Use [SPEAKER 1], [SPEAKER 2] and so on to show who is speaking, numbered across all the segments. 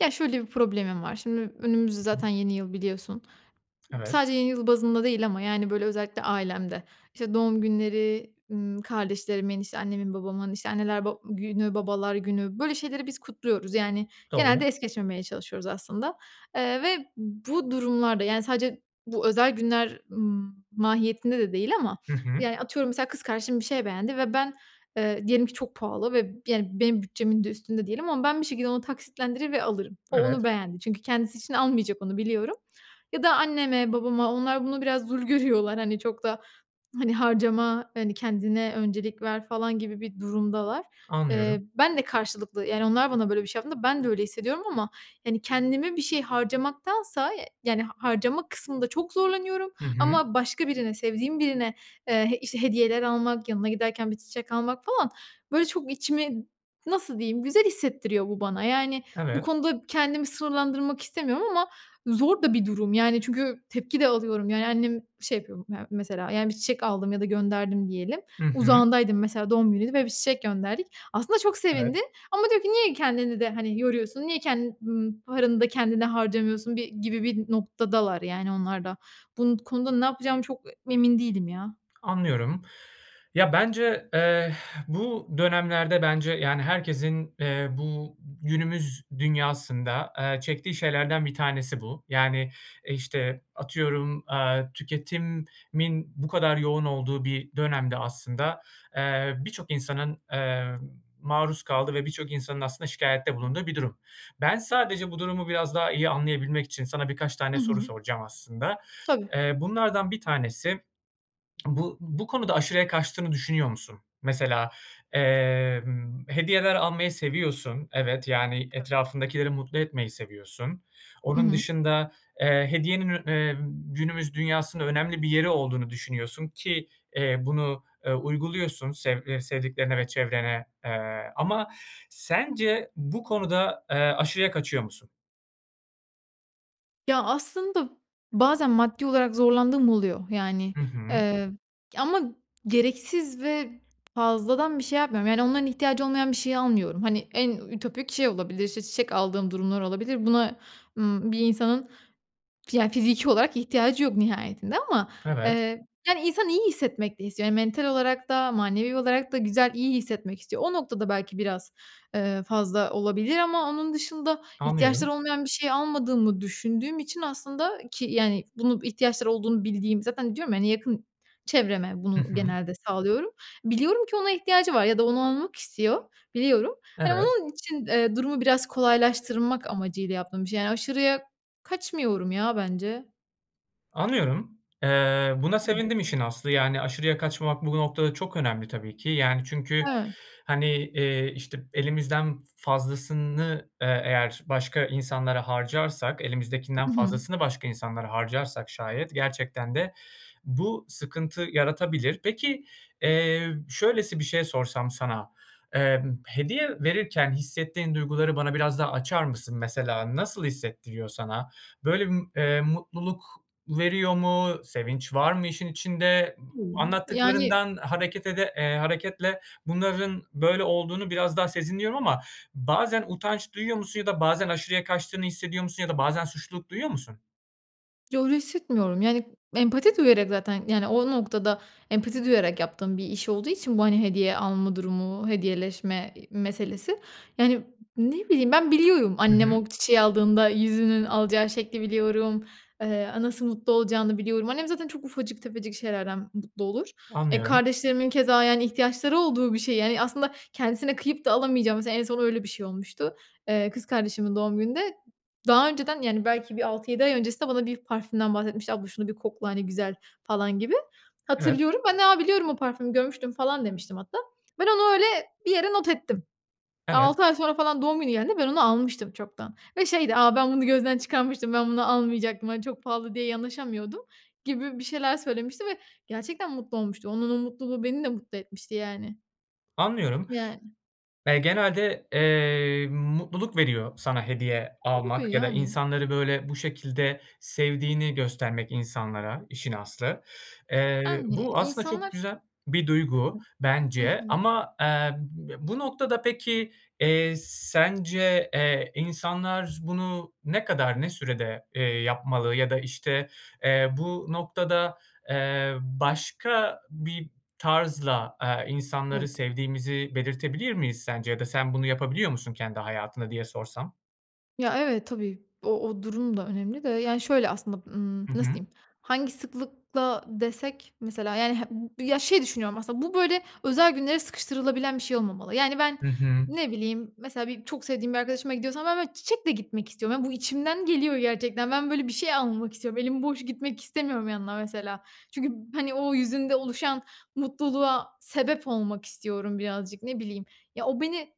[SPEAKER 1] Ya şöyle bir problemim var. Şimdi, önümüz zaten yeni yıl biliyorsun.
[SPEAKER 2] Evet.
[SPEAKER 1] Sadece yeni yıl bazında değil ama, yani, böyle özellikle ailemde, işte, doğum günleri, ımm, kardeşlerimin, işte, annemin babamın, işte, anneler ba günü, babalar günü böyle şeyleri biz kutluyoruz, yani. Genelde
[SPEAKER 2] Doğru.
[SPEAKER 1] es geçmemeye çalışıyoruz aslında, eee, ve bu durumlarda, yani, sadece bu özel günler m mahiyetinde de değil ama,
[SPEAKER 2] Hı hı.
[SPEAKER 1] yani, atıyorum mesela kız kardeşim bir şey beğendi ve ben, ııı, diyelim ki çok pahalı ve, yani, benim bütçemin de üstünde diyelim ama ben bir şekilde onu taksitlendirir ve alırım. O
[SPEAKER 2] Evet.
[SPEAKER 1] onu beğendi, çünkü kendisi için almayacak onu biliyorum ya da anneme, babama, onlar bunu, biraz zül görüyorlar. Hani, çok da, hani, harcama, hani, kendine öncelik ver falan gibi bir durumdalar.
[SPEAKER 2] Anlıyorum.
[SPEAKER 1] Eee, ben de karşılıklı, yani, onlar bana böyle bir şey yaptığında, ben de öyle hissediyorum ama, hani, kendime bir şey harcamaktansa, eee, yani, harcama kısmında çok zorlanıyorum
[SPEAKER 2] Hı hı.
[SPEAKER 1] ama başka birine sevdiğim birine, eee, işte, hediyeler almak yanına giderken 1 çiçek almak falan böyle çok içimi nasıl diyeyim güzel hissettiriyor bu bana. Yani, bu
[SPEAKER 2] Evet.
[SPEAKER 1] konuda kendimi sınırlandırmak istemiyorum ama zor da bir durum, yani, çünkü tepki de alıyorum, yani, annem şey yapıyor ya mesela, yani, 1 çiçek aldım ya da gönderdim diyelim.
[SPEAKER 2] Hı hı.
[SPEAKER 1] Uzağındaydım mesela doğum günüydü ve 1 çiçek gönderdik. Aslında çok
[SPEAKER 2] Evet.
[SPEAKER 1] sevindi ama diyor ki "Niye kendini de, hani, yoruyorsun? Niye ken n paranı da kendine harcamıyorsun?" bir gibi bir noktadalar yani onlar da. Bu n konuda ne yapacağımı çok emin değilim ya.
[SPEAKER 2] Anlıyorum. Ya bence, eee, bu dönemlerde bence, yani, herkesin, eee, bu günümüz dünyasında, eee, çektiği şeylerden bir tanesi bu. Yani, eee, işte atıyorum, aaa, tüketimin bu kadar yoğun olduğu bir dönemde aslında, eee, birçok insanın, eee, maruz kaldığı ve birçok insanın aslında şikâyette bulunduğu bir durum. Ben sadece bu durumu biraz daha iyi anlayabilmek için sana birkaç tane
[SPEAKER 1] Hı
[SPEAKER 2] soru
[SPEAKER 1] hı.
[SPEAKER 2] soracağım aslında.
[SPEAKER 1] Tabii.
[SPEAKER 2] Eee, bunlardan bir tanesi, bu bu konuda aşırıya kaçtığını düşünüyor musun? Mesela, emm, hediyeler almayı seviyorsun evet, yani,
[SPEAKER 1] [unintelligible]
[SPEAKER 2] etrafındakileri mutlu etmeyi seviyorsun.
[SPEAKER 1] Hı
[SPEAKER 2] Onun
[SPEAKER 1] hı.
[SPEAKER 2] dışında, eee, hediyenin ün emm, günümüz dünyasının önemli bir yeri olduğunu düşünüyorsun ki, eee, bunu, ııı, uyguluyorsun sev, ııı, sevdiklerine ve çevrene, eee, ama sence bu konuda, eee, aşırıya kaçıyor musun?
[SPEAKER 1] Ya, aslında bazen maddi olarak zorlandığım oluyor. Yani,
[SPEAKER 2] Hı hı.
[SPEAKER 1] eee, ama gereksiz ve fazladan bir şey yapmıyorum. Yani, onların ihtiyacı olmayan bir şeyi almıyorum. Hani, en ütopik şey olabilir, işte, çiçek aldığım durumlar olabilir. Buna, ımm, bir insanın ya fiziki olarak ihtiyacı yok nihayetinde ama,
[SPEAKER 2] Evet.
[SPEAKER 1] eee, hani, insan iyi hissetmek de istiyor. Yani, mental olarak da manevi olarak da güzel, iyi hissetmek istiyor. O noktada belki biraz, ııı, fazla olabilir ama onun dışında
[SPEAKER 2] Anlıyorum.
[SPEAKER 1] ihtiyaçları olmayan bir şey almadığımı düşündüğüm için aslında ki yani, bunu ihtiyaçları olduğunu bildiğim zaten diyorum ya hani, yakın çevreme
[SPEAKER 2] Hı
[SPEAKER 1] bunu
[SPEAKER 2] hı.
[SPEAKER 1] genelde sağlıyorum. Biliyorum ki ona ihtiyacı var ya da onu almak istiyor, biliyorum. Hani,
[SPEAKER 2] Evet.
[SPEAKER 1] onun için, eee, durumu biraz kolaylaştırmak amacıyla yaptığım bir şey. Yani, aşırıya kaçmıyorum ya bence.
[SPEAKER 2] Anlıyorum. Eee, buna
[SPEAKER 1] [unintelligible]
[SPEAKER 2] sevindim işin aslı. Yani, aşırıya kaçmamak bu noktada çok önemli tabii ki. Yani çünkü
[SPEAKER 1] Evet.
[SPEAKER 2] hani, eee, işte, elimizden fazlasını, eee, eğer başka insanlara harcarsak, elimizdekinden
[SPEAKER 1] Hı hı.
[SPEAKER 2] fazlasını başka insanlara harcarsak şayet gerçekten de bu sıkıntı yaratabilir. Peki, eee, şöylesi bir şey sorsam sana, ımm, hediye verirken hissettiğin duyguları bana biraz daha açar mısın mesela? Nasıl hissettiriyor sana? Böyle bir, eee, mutluluk veriyor mu? Sevinç var mı işin içinde? A
[SPEAKER 1] [unintelligible] Yani.
[SPEAKER 2] anlattıklarından hareket ede eee, hareketle bunların böyle olduğunu biraz daha sezinliyorum ama bazen utanç duyuyor musun ya da bazen aşırıya kaçtığını hissediyor musun ya da bazen suçluluk duyuyor musun?
[SPEAKER 1] Yo, öyle hissetmiyorum. Yani empati duyarak zaten, yani, o noktada empati duyarak yaptığım bir iş olduğu için bu, hani, hediye alma durumu, hediyeleşme i meselesi. Yani, ne bileyim ben, biliyorum.
[SPEAKER 2] Hı
[SPEAKER 1] Annem
[SPEAKER 2] hı.
[SPEAKER 1] o çiçeği aldığında yüzünün alacağı şekli biliyorum. Iıı, a nasıl mutlu olacağını biliyorum. Annem zaten çok ufacık tefecik şeylerden mutlu olur. Eee,
[SPEAKER 2] Anlıyorum.
[SPEAKER 1] kardeşlerimin keza, yani, ihtiyaçları olduğu bir şey, yani, aslında kendisine kıyıp da alamayacağı, mesela, en son öyle bir şey olmuştu. Eee, kız kardeşimin doğum gününde daha önceden, yani, belki bir 6-7 ay öncesinde bana bir parfümden bahsetmişti. "Abla şunu bir kokla, hani, güzel," falan gibi.
[SPEAKER 2] Evet.
[SPEAKER 1] Hatırlıyorum. Ben de, "Aaa, biliyorum, o parfümü görmüştüm," falan demiştim hatta. Ben onu öyle bir yere not ettim.
[SPEAKER 2] Evet.
[SPEAKER 1] 6 ay sonra falan doğum günü geldiğinde ben onu almıştım çoktan ve şeydi, "Aaa, ben bunu gözden çıkarmıştım, ben bunu almayacaktım, hani, çok pahalı diye yanaşamıyordum," gibi bir şeyler söylemişti ve gerçekten mutlu olmuştu. Onun o mutluluğu beni de mutlu etmişti yani.
[SPEAKER 2] Anlıyorum.
[SPEAKER 1] Yani.
[SPEAKER 2] Eee, genelde, eee, mutluluk veriyor sana hediye
[SPEAKER 1] Tabii, tabii,
[SPEAKER 2] almak ya da
[SPEAKER 1] yani.
[SPEAKER 2] insanları böyle bu şekilde sevdiğini göstermek insanlara işin aslı. Eee,
[SPEAKER 1] Yani.
[SPEAKER 2] bu aslında çok
[SPEAKER 1] İnsanlar
[SPEAKER 2] güzel bir duygu
[SPEAKER 1] Hı
[SPEAKER 2] bence
[SPEAKER 1] hı.
[SPEAKER 2] ama, eee, ya, bu noktada peki, eee, sence, eee, insanlar bunu ne kadar ne sürede, eee, yapmalı ya da, işte, eee, bu noktada, eee, başka bir tarzla, aaa, insanları
[SPEAKER 1] Evet.
[SPEAKER 2] sevdiğimizi belirtebilir miyiz sence ya da sen bunu yapabiliyor musun kendi hayatına diye sorsam?
[SPEAKER 1] Ya, evet, tabii, o o durum da önemli de, yani, şöyle aslında, ımm,
[SPEAKER 2] Hı
[SPEAKER 1] nasıl
[SPEAKER 2] hı.
[SPEAKER 1] diyeyim, hangi sıklıkla desek mesela, yani, [unintelligible] ya, şey düşünüyorum aslında bu böyle özel günlere sıkıştırılabilen bir şey olmamalı. Yani ben,
[SPEAKER 2] Hı hı.
[SPEAKER 1] ne bileyim, mesela bir çok sevdiğim bir arkadaşıma gidiyorsam ben ben çiçekle gitmek istiyorum. Yani bu içimden geliyor gerçekten. Ben böyle bir şey almak istiyorum. Elim boş gitmek istemiyorum yanına mesela. Çünkü, hani, o yüzünde oluşan mutluluğa sebep olmak istiyorum birazcık, ne bileyim, ya, o beni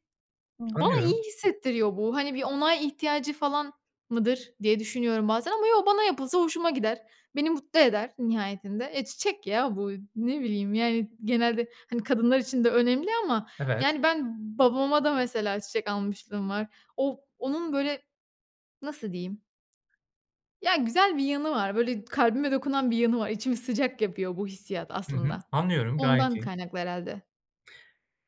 [SPEAKER 1] bana iyi
[SPEAKER 2] Anlıyorum.
[SPEAKER 1] hissettiriyor bu. Hani, bir onay ihtiyacı falan mıdır diye düşünüyorum bazen ama yo, bana yapılsa hoşuma gider. Beni mutlu eder nihayetinde. Eee, çiçek ya bu y ne bileyim, yani, genelde, hani, kadınlar için de önemli ama,
[SPEAKER 2] Evet.
[SPEAKER 1] yani, ben babama da mesela çiçek almışlığım var. O onun böyle nasıl diyeyim? Ya, güzel bir yanı var. Böyle kalbime dokunan bir yanı var. İçimi sıcak yapıyor bu hissiyat
[SPEAKER 2] Hı hı.
[SPEAKER 1] aslında.
[SPEAKER 2] Anlıyorum, gayet
[SPEAKER 1] Ondan
[SPEAKER 2] iyi.
[SPEAKER 1] kaynaklı herhâlde.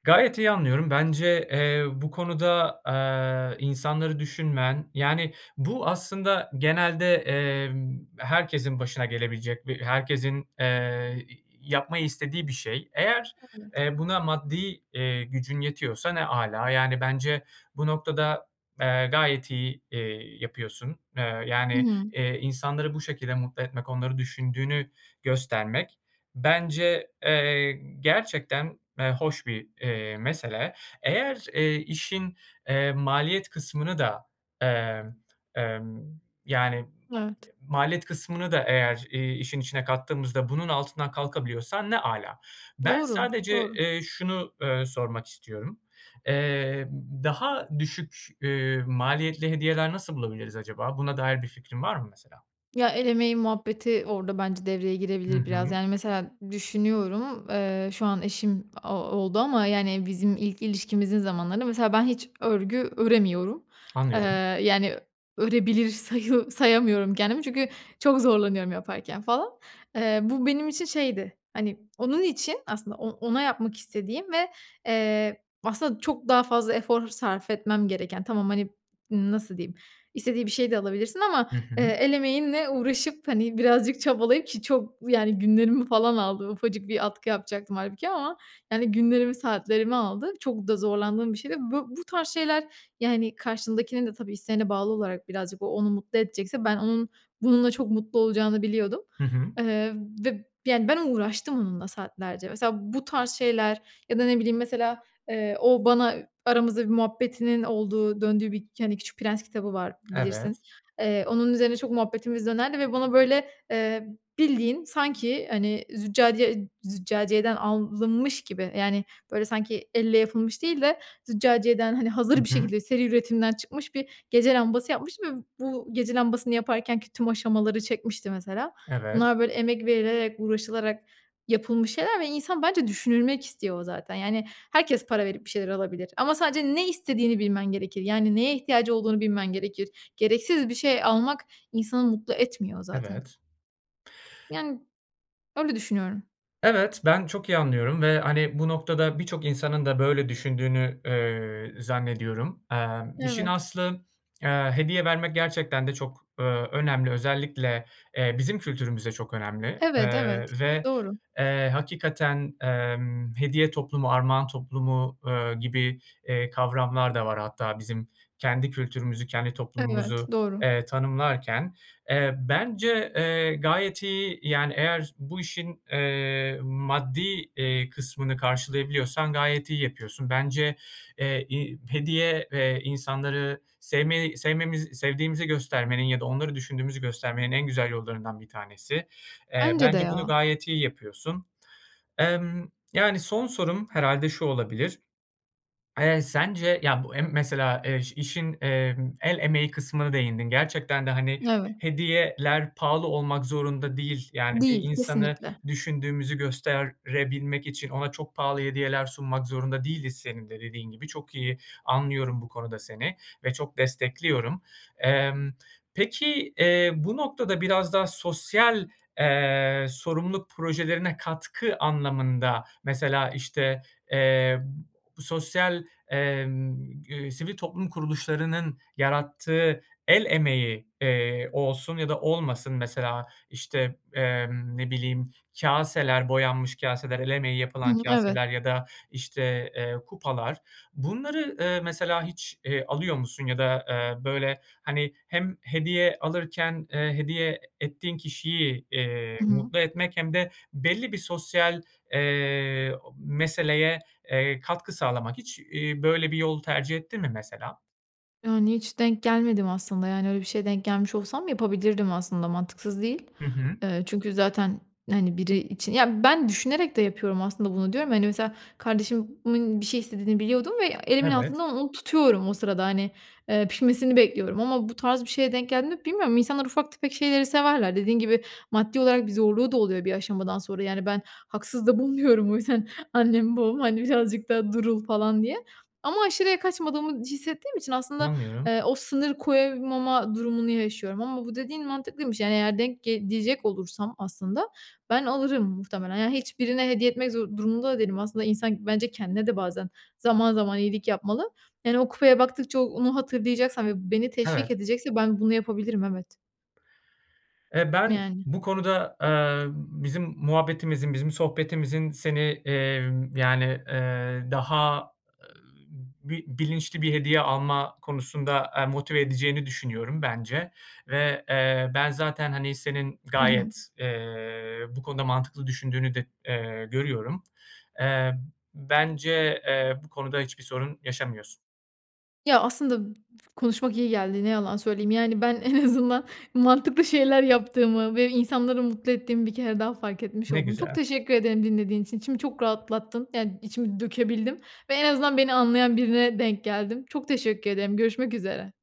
[SPEAKER 2] Gayet iyi anlıyorum. Bence, eee, bu konuda, aaa, insanları düşünmen, yani, bu aslında genelde, emm, herkesin başına gelebilecek ve herkesin, eee, y y yapmayı istediği bir şey. Eğer,
[SPEAKER 1] Evet.
[SPEAKER 2] eee, buna maddi, eee, gücün yetiyorsa ne âlâ. Yani bence bu noktada, eee, gayet iyi, eee, yapıyorsun. Eee,
[SPEAKER 1] Hı
[SPEAKER 2] yani,
[SPEAKER 1] hı.
[SPEAKER 2] eee, insanları bu şekilde mutlu etmek, onları düşündüğünü göstermek bence, eee, gerçekten, eee, hoş bir, eee, mesele. Eğer, eee, işin, eee, maliyet kısmını da, emm, emm, yani
[SPEAKER 1] Evet.
[SPEAKER 2] maliyet kısmını da eğer, eee, işin içine kattığımızda bunun altından kalkabiliyorsan ne âlâ. Ben
[SPEAKER 1] Doğru,
[SPEAKER 2] sadece,
[SPEAKER 1] doğru.
[SPEAKER 2] eee, şunu, ııı, sormak istiyorum. Eee, ımm, daha düşük, eee, maliyetli hediyeler nasıl bulabiliriz acaba? Buna dair bir fikrin var mı mesela?
[SPEAKER 1] Ya, el emeği muhabbeti orada bence devreye
[SPEAKER 2] Hı
[SPEAKER 1] girebilir biraz.
[SPEAKER 2] hı.
[SPEAKER 1] Yani, mesela düşünüyorum, eee, şu an eşim a oldu ama yani bizim ilk ilişkimizin zamanlarında mesela ben hiç örgü öremiyorum. Eee,
[SPEAKER 2] Anlıyorum.
[SPEAKER 1] yani örebilir sayı sayamıyorum kendimi çünkü çok zorlanıyorum yaparken falan. Eee, bu benim için şeydi, hani, onun için aslında o ona yapmak istediğim ve, eee, aslında çok daha fazla efor sarf etmem gereken tamam, hani, ımm, nasıl diyeyim? İstediği bir şey de alabilirsin ama,
[SPEAKER 2] Hı
[SPEAKER 1] eee,
[SPEAKER 2] hı.
[SPEAKER 1] el emeğinle uğraşıp, hani, birazcık çabalayıp ki çok yani günlerimi falan aldı. Ufacık bir atkı yapacaktım hâlbuki ama, yani, günlerimi, saatlerimi aldı. Çok da zorlandığım bir şeydi. Bu bu tarz şeyler, yani, karşındakinin de tabii, isteğine bağlı olarak birazcık, o onu mutlu edecekse ben onun bununla çok mutlu olacağını biliyordum.
[SPEAKER 2] Hı hı.
[SPEAKER 1] Eee, ve, yani, ben uğraştım onunla saatlerce. Mesela bu tarz şeyler ya da ne bileyim, mesela, eee, o bana aramızda bir muhabbetinin olduğu, döndüğü bir, k hani, Küçük Prens kitabı var, bilirsin.
[SPEAKER 2] Evet.
[SPEAKER 1] Eee, onun üzerine çok muhabbetimiz dönerdi ve bana böyle, eee, bildiğin sanki, hani, züccaciye züccaciyeden alınmış gibi, yani, böyle sanki elle yapılmış değil de züccaciyeden, hani,
[SPEAKER 2] Hı
[SPEAKER 1] hazır bir
[SPEAKER 2] hı.
[SPEAKER 1] şekilde seri üretimden çıkmış bir gece lambası yapmış ve bu gece lambasını yaparkenki tüm aşamaları çekmişti mesela.
[SPEAKER 2] Evet.
[SPEAKER 1] Bunlar böyle emek verilerek, uğraşılarak yapılmış şeyler ve insan bence düşünülmek istiyor zaten. Yani, herkes para verip bir şeyler alabilir ama sadece ne istediğini bilmen gerekir. Yani neye ihtiyacı olduğunu bilmen gerekir. Gereksiz bir şey almak insanı mutlu etmiyor zaten.
[SPEAKER 2] Evet.
[SPEAKER 1] Yani, öyle düşünüyorum.
[SPEAKER 2] Evet, ben çok iyi anlıyorum ve, hani, bu noktada birçok insanın da böyle düşündüğünü, eee, zannediyorum. Emm, işin
[SPEAKER 1] Evet.
[SPEAKER 2] aslı, eee, hediye vermek gerçekten de çok, ööö, önemli, özellikle, eee, bizim kültürümüzde çok â önemli.
[SPEAKER 1] Evet,
[SPEAKER 2] Eee,
[SPEAKER 1] evet.
[SPEAKER 2] ve,
[SPEAKER 1] Doğru.
[SPEAKER 2] eee, hakikaten, emm, hediye toplumu, armağan toplumu, eee, gibi, eee, kavramlar da var hatta bizim kendi kültürümüzü, kendi
[SPEAKER 1] Evet,
[SPEAKER 2] toplumumuzu,
[SPEAKER 1] doğru.
[SPEAKER 2] eee, tanımlarken. Eee, bence, eee, gayet iyi yani eğer bu işin, eee, maddi, eee, kısmını karşılayabiliyorsan gayet iyi yapıyorsun. Bence, eee, i hediye ve insanları sevmeyi sevmemiz sevdiğimizi göstermenin ya da onları düşündüğümüzü göstermenin en güzel yollarından bir tanesi. Eee,
[SPEAKER 1] Bence de
[SPEAKER 2] bence bunu
[SPEAKER 1] ya!
[SPEAKER 2] gayet iyi yapıyorsun. Emm, yani, son sorum herhâlde şu olabilir: Eee, sence, ya, bu em mesela, eş işin, emm, el emeği kısmına değindin. Gerçekten de, hani,
[SPEAKER 1] Evet.
[SPEAKER 2] hediyeler pahalı olmak zorunda değil. Yani bir
[SPEAKER 1] Değil.
[SPEAKER 2] insanı
[SPEAKER 1] Kesinlikle!
[SPEAKER 2] düşündüğümüzü gösterebilmek için ona çok pahalı hediyeler sunmak zorunda değiliz senin de dediğin gibi. Çok iyi anlıyorum bu konuda seni ve çok destekliyorum. Emm, peki, eee, bu noktada biraz daha sosyal, eee, sorumluluk projelerine katkı anlamında, mesela, işte, eee, sosyal, emm, gü eee, sivil toplum kuruluşlarının yarattığı el emeği, eee, olsun ya da olmasın mesela, işte, emm, ne bileyim kâseler, boyanmış kaseler, el emeği yapılan
[SPEAKER 1] Hıı. Evet.
[SPEAKER 2] kaseler ya da, işte, eee, kupalar. Bunları, eee, mesela hiç, eee, alıyor musun ya da, eee, böyle, hani, hem hediye alırken, eee, hediye e ettiğin kişiyi, eee,
[SPEAKER 1] Hı hı.
[SPEAKER 2] mutlu etmek hem de belli bir sosyal, eee, o meseleye, eee, katkı sağlamak; hiç, iii, böyle bir yol tercih ettin mi mesela?
[SPEAKER 1] Yani, hiç denk gelmedim aslında. Yani, öyle bir şeye denk gelmiş olsam yapabilirdim aslında mantıksız değil.
[SPEAKER 2] Hı hı.
[SPEAKER 1] Eee, çünkü zaten, hani, biri için Ya, ben düşünerek de yapıyorum aslında bunu diyorum. Hani, mesela kardeşimin bir şey istediğini biliyordum ve elimin
[SPEAKER 2] Evet.
[SPEAKER 1] altından onu tutuyorum, o sırada, hani. Eee, pişmesini bekliyorum ama bu tarz bir şeye denk geldiğimde bilmiyorum. İnsanlar ufak tefek şeyleri severler. Dediğin gibi, maddi olarak bir zorluğu da oluyor bir aşamadan sonra. Yani, ben haksız da bulmuyorum o yüzden annemle babamı, hani, birazcık da durul falan diye ama aşırıya kaçmadığımı hissettiğim için aslında,
[SPEAKER 2] Anlıyorum.
[SPEAKER 1] eee, o sınır koyamama durumunu yaşıyorum ama bu dediğin mantıklıymış yani eğer denk ge diyecek olursam aslında, ben alırım muhtemelen. Yani hiç birine hediye etmek zo durumunda da değilim. Aslında, insan bence kendine de bazen zaman zaman iyilik yapmalı. Yani, o kupaya baktıkça o onu hatırlayacaksam ve beni
[SPEAKER 2] Evet.
[SPEAKER 1] teşvik edecekse ben bunu yapabilirim, evet.
[SPEAKER 2] Eee, ben
[SPEAKER 1] Yani.
[SPEAKER 2] bu konuda, eee, bizim muhabbetimizin, bizim sohbetimizin seni, eee, yani, eee, daha bi bilinçli bir hediye alma konusunda, eee, motive edeceğini düşünüyorum. Bence ve, eee, ben zaten, hani, senin
[SPEAKER 1] Hı hı.
[SPEAKER 2] gayet, eee, bu konuda mantıklı düşündüğünü de, eee, görüyorum. Eee, bence, eee, bu konuda hiçbir sorun yaşamıyorsun.
[SPEAKER 1] Ya, aslında, konuşmak iyi geldi. Ne yalan söyleyeyim. Yani ben en azından mantıklı şeyler yaptığımı ve insanları mutlu ettiğimi bir kere daha fark etmiş
[SPEAKER 2] Ne
[SPEAKER 1] oldum. Çok
[SPEAKER 2] güzel.
[SPEAKER 1] teşekkür ederim dinlediğiniz için. İçimi çok rahatlattın. Yani içimi dökebildim ve en azından beni anlayan birine denk geldim. Çok teşekkür ederim. Görüşmek üzere.